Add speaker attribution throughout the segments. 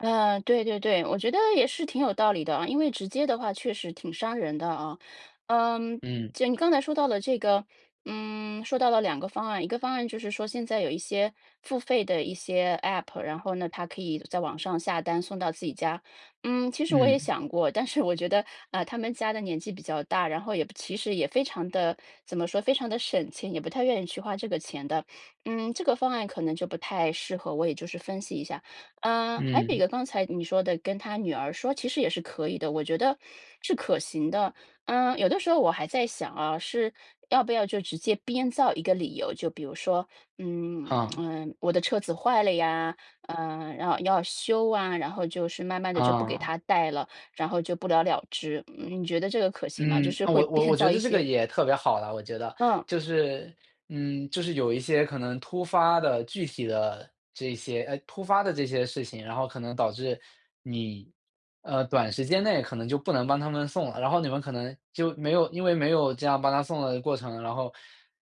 Speaker 1: 呃，对对对，我觉得也是挺有道理的啊。因为直接的话确实挺伤人的啊。嗯，
Speaker 2: 嗯。
Speaker 1: 既然你刚才说到了这个嗯，说到了2个方案，一个方案就是说现在有一些付费的一些 App，然后呢，它可以在网上下单送到自己家。嗯，其实我也
Speaker 2: 嗯。
Speaker 1: 想过，但是我觉得，啊，他们家的年纪比较大，然后也其实也非常地怎么说，非常地省钱，也不太愿意去花这个钱的。嗯，这个方案可能就不太适合，我也是就是分析一下。呃，还有一
Speaker 2: 嗯。
Speaker 1: 个刚才你说的跟他女儿说，其实也是可以的，我觉得是可行的。嗯，有的时候我还在想啊，是要不要就直接编造一个理由，就比如说，嗯，
Speaker 2: 哈。
Speaker 1: 呃，我的车子坏了呀，呃，然后要修啊，然后就是慢慢地就不给
Speaker 2: 啊。
Speaker 1: 他带了，然后就不了了之。嗯，你觉得这个可行吗？就
Speaker 2: 嗯，
Speaker 1: 是
Speaker 2: 啊，
Speaker 1: 会
Speaker 2: 我我
Speaker 1: 编
Speaker 2: 我
Speaker 1: 造
Speaker 2: 觉
Speaker 1: 一
Speaker 2: 得这个
Speaker 1: 些
Speaker 2: 也特别好了，我觉得。
Speaker 1: 嗯。
Speaker 2: 就是，嗯，就是有一些可能突发的、具体的这些呃，突发的这些事情，然后可能导致你，呃，短时间内可能就不能帮他们送了。然后你们可能就没有因为没有这样帮他送的过程，然后，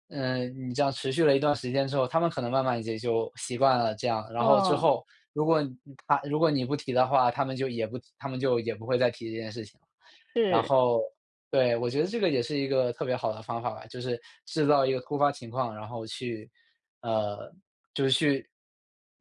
Speaker 2: 呃，你这样持续了一段时间之后，他们可能慢慢也就习惯了这样。然后之
Speaker 1: 哦。
Speaker 2: 后，如果他如果你不提的话，他们就也不提他们就也不会再提这件事情了。然
Speaker 1: 是。
Speaker 2: 后对，我觉得这个也是一个特别好的方法吧，就是制造一个突发情况，然后去呃，就是去，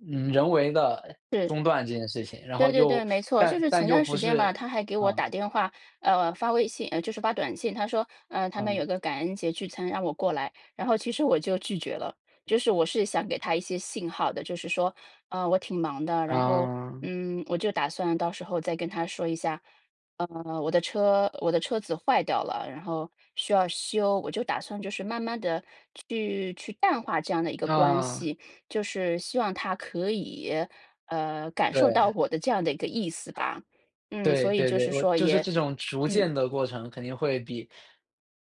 Speaker 2: 嗯，人为地
Speaker 1: 是。
Speaker 2: 中断这件事情，然
Speaker 1: 对
Speaker 2: 后
Speaker 1: 对
Speaker 2: 又
Speaker 1: 对，没 错，就
Speaker 2: 但
Speaker 1: 是
Speaker 2: 但
Speaker 1: 前
Speaker 2: 又
Speaker 1: 段时
Speaker 2: 不
Speaker 1: 间吧，他
Speaker 2: 是
Speaker 1: 还给我
Speaker 2: 嗯。
Speaker 1: 打电话，呃发微信呃就是发短信，他说，呃，他们有
Speaker 2: 嗯。
Speaker 1: 个感恩节聚餐让我过来，然后其实我就拒绝了。就是我是想给他一些信号的，就是说，呃，我挺忙的，然后，
Speaker 2: 啊。
Speaker 1: 嗯，我就打算到时候再跟他说一下。呃，我的车我的车子坏掉了，然后需要修，我就打算就是慢慢地去去淡化这样的一个关
Speaker 2: 啊。
Speaker 1: 系，就是希望他可以，呃，感受到
Speaker 2: 对。
Speaker 1: 我的这样的一个意思吧。嗯，
Speaker 2: 对，
Speaker 1: 所以
Speaker 2: 对
Speaker 1: 就
Speaker 2: 对，
Speaker 1: 是
Speaker 2: 我
Speaker 1: 说
Speaker 2: 就是
Speaker 1: 也
Speaker 2: 这种逐
Speaker 1: 嗯。
Speaker 2: 渐的过程肯定会比，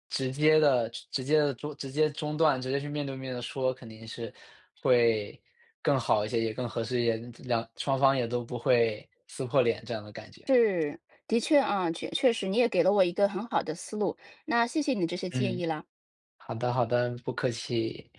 Speaker 2: 直接地直接地中直接中断，直接去面对面地说，肯定是会更好一些，也更合适一些，2双方也都不会撕破脸这样的感觉。
Speaker 1: 是，的确啊，确确实你也给了我一个很好的思路，那谢谢你这些建
Speaker 2: 嗯。
Speaker 1: 议了。
Speaker 2: 好的，好的，不客气。